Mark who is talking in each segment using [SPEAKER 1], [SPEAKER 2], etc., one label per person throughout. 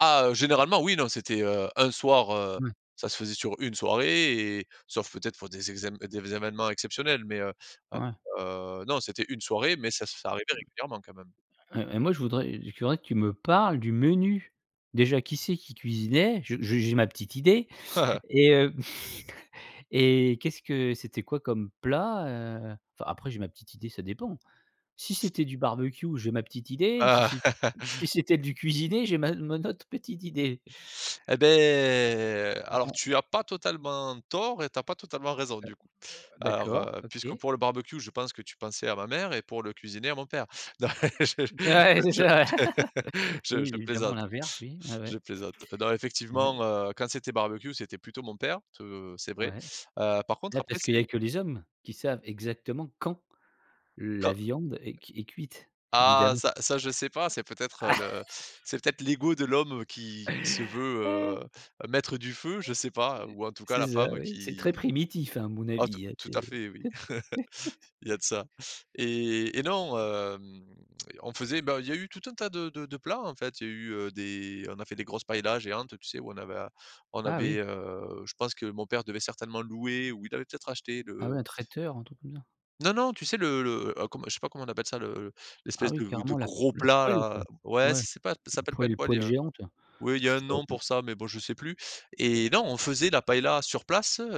[SPEAKER 1] Ah, heu, généralement, oui, non, c'était, heu, un soir, heu,
[SPEAKER 2] Mmh.
[SPEAKER 1] ça se faisait sur une soirée et sauf peut-être pour des exam des événements exceptionnels. Mais, heu,
[SPEAKER 2] Ouais.
[SPEAKER 1] heu, non, c'était une soirée, mais ça ça arrivait régulièrement quand même.
[SPEAKER 2] Heu, et moi je voudrais je voudrais que tu me parles du menu. Déjà, qui c'est qui cuisinait? Je j'ai j'ai ma petite idée. Et heu, et qu'est-ce que c'était quoi comme plat? Heu, enfin, après j'ai ma petite idée, ça dépend. Si c'était du barbecue, j'ai ma petite idée, m si c'est si c'était du cuisiner j'ai ma mon autre petite idée.
[SPEAKER 1] Et beh, alors,
[SPEAKER 2] [unintelligible]
[SPEAKER 1] tu as pas totalement tort et tu as pas totalement
[SPEAKER 2] H
[SPEAKER 1] raison, du coup.
[SPEAKER 2] he heu,
[SPEAKER 1] Alors,
[SPEAKER 2] d'accord,
[SPEAKER 1] heu, puisque
[SPEAKER 2] OK.
[SPEAKER 1] pour le barbecue, je pense que tu pensais à ma mère et pour le cuisinier à mon père. Non, je je
[SPEAKER 2] Ouais, c'est
[SPEAKER 1] je
[SPEAKER 2] ça, ouais.
[SPEAKER 1] je
[SPEAKER 2] Oui
[SPEAKER 1] je
[SPEAKER 2] évidemment
[SPEAKER 1] plaisante,
[SPEAKER 2] l'inverse, oui. Ouais,
[SPEAKER 1] je
[SPEAKER 2] ouais.
[SPEAKER 1] plaisante. Non
[SPEAKER 2] Ouais.
[SPEAKER 1] effectivement, heu, quand c'était barbecue, c'était plutôt mon père, tou c'est vrai.
[SPEAKER 2] Ouais.
[SPEAKER 1] Heu, par contre
[SPEAKER 2] Bah,
[SPEAKER 1] après,
[SPEAKER 2] parce qu'il y
[SPEAKER 1] c'est
[SPEAKER 2] a que les hommes qui savent exactement quand la
[SPEAKER 1] quand
[SPEAKER 2] viande est c est cuite
[SPEAKER 1] Ah
[SPEAKER 2] évidemment.
[SPEAKER 1] ça ça, je sais pas, c'est peut-être, heu, le c'est peut être l'ego de l'homme qui qui se veut, heu, mettre du feu, je sais pas ou en tout cas
[SPEAKER 2] C'est
[SPEAKER 1] la
[SPEAKER 2] ça,
[SPEAKER 1] femme
[SPEAKER 2] oui. C'est très
[SPEAKER 1] qui
[SPEAKER 2] primitif, à mon
[SPEAKER 1] ah tout,
[SPEAKER 2] avis.
[SPEAKER 1] tout à
[SPEAKER 2] C'est
[SPEAKER 1] fait, oui. Il y a de ça. Et et non, hem, on faisait, bah, il y a eu tout un tas de de de plats, en fait. Il y a eu, heu, des on a fait des grosses paëlla géantes, tu sais, où on avait a on
[SPEAKER 2] Ah
[SPEAKER 1] avait,
[SPEAKER 2] oui.
[SPEAKER 1] heu, je pense que mon père devait certainement louer ou il avait peut-être acheté
[SPEAKER 2] Ah
[SPEAKER 1] le
[SPEAKER 2] ouais, un traiteur, un truc comme ça.
[SPEAKER 1] Non, non, tu sais, le le oh comm je sais pas comment on appelle ça, le le
[SPEAKER 2] Ah
[SPEAKER 1] l'espèce
[SPEAKER 2] oui,
[SPEAKER 1] de de
[SPEAKER 2] carrément la
[SPEAKER 1] gros
[SPEAKER 2] la
[SPEAKER 1] plat
[SPEAKER 2] poêle, quoi.
[SPEAKER 1] là, ouais
[SPEAKER 2] Ouais,
[SPEAKER 1] c c'est pas ça s'appelle pas une
[SPEAKER 2] poêle
[SPEAKER 1] poêle, il y
[SPEAKER 2] poêle
[SPEAKER 1] a
[SPEAKER 2] géante.
[SPEAKER 1] ouais, il y
[SPEAKER 2] Je
[SPEAKER 1] a un
[SPEAKER 2] sais pas,
[SPEAKER 1] nom
[SPEAKER 2] non.
[SPEAKER 1] pour ça mais bon, je sais plus. Et non, on faisait la paëlla sur place, heu,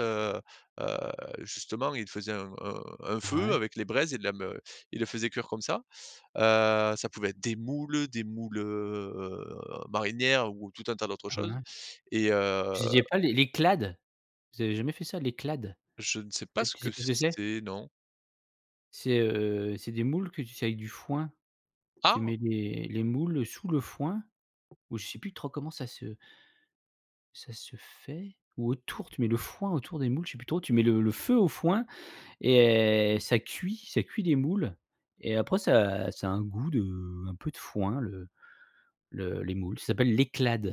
[SPEAKER 1] heu, justement, il faisait un un un feu
[SPEAKER 2] Ouais.
[SPEAKER 1] avec les braises et de la me il le faisait cuire comme ça. Heu, ça pouvait être des moules, des moules, heu, marinières ou tout un tas d'autres
[SPEAKER 2] Ah
[SPEAKER 1] choses.
[SPEAKER 2] ouais.
[SPEAKER 1] Et
[SPEAKER 2] Je
[SPEAKER 1] heu
[SPEAKER 2] disais pas l'é l'éclade. Vous avez jamais fait ça l'éclade?
[SPEAKER 1] Je ne sais pas
[SPEAKER 2] Peut-être,
[SPEAKER 1] ce
[SPEAKER 2] tu
[SPEAKER 1] que
[SPEAKER 2] sais pas ce que c'est?
[SPEAKER 1] c'est, non.
[SPEAKER 2] C'est, heu, c'est des moules que, tu sais, avec du foin, tu
[SPEAKER 1] Ah.
[SPEAKER 2] mets les les moules sous le foin ou je sais plus trop comment ça se ça se fait. Ou autour, tu mets le foin autour des moules. Je sais plus trop. Tu mets le le feu au foin et ça cuit ça cuit les moules. Et après, ça ça a un goût de un peu de foin le le les moules, ça s'appelle l'éclade.